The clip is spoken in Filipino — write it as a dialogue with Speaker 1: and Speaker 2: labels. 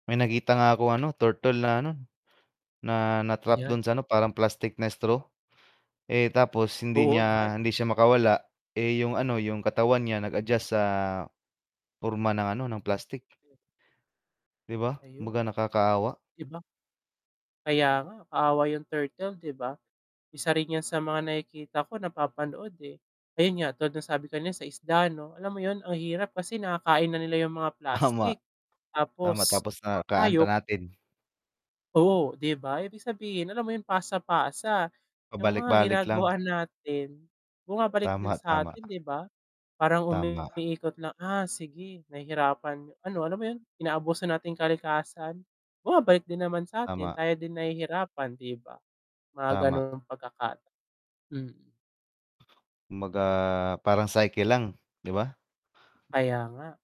Speaker 1: May nakita nga ako ano, turtle na ano, na na-trap
Speaker 2: Ayan.
Speaker 1: dun sa ano, parang plastik na straw. Eh, tapos hindi
Speaker 2: Oo,
Speaker 1: niya,
Speaker 2: yan!
Speaker 1: hindi siya makawala, eh, yung ano, yung katawan niya nag-adjust sa porma ng ano, ng plastik. 'Di ba? Kumbaga
Speaker 2: Ayun.
Speaker 1: nakakaawa.
Speaker 2: 'Di ba? Kaya nga, kaawa yung turtle 'di ba? Isa rin yan sa mga nakikita ko, napapanood, eh. Ayun nga tulad nung sabi kanina sa isda 'no, alam mo 'yun ang hirap kasi nakakain na nila yung mga
Speaker 1: Tama.
Speaker 2: plastik
Speaker 1: Tama,
Speaker 2: tapos
Speaker 1: tapos nakakain pa
Speaker 2: tayo
Speaker 1: natin.
Speaker 2: Oh, 'di ba? Ibig sabihin alam mo 'yong pasa-pasa. Yung mga
Speaker 1: Pabalik-balik lang.
Speaker 2: ginagawa natin, bumabalik din
Speaker 1: Tama,
Speaker 2: sa
Speaker 1: tama.
Speaker 2: atin, 'di ba? Parang
Speaker 1: Tama.
Speaker 2: umiikot lang, ah, sige nahihirapan ano alam mo yun, inaabuso natin kalikasan, bumabalik din naman sa atin,
Speaker 1: Tama.
Speaker 2: tayo din nahihirapan, 'di ba? Mga
Speaker 1: Tama.
Speaker 2: gano'ng pagkakata mm.
Speaker 1: Kumbaga, parang cycle lang, 'di ba?
Speaker 2: Kaya nga.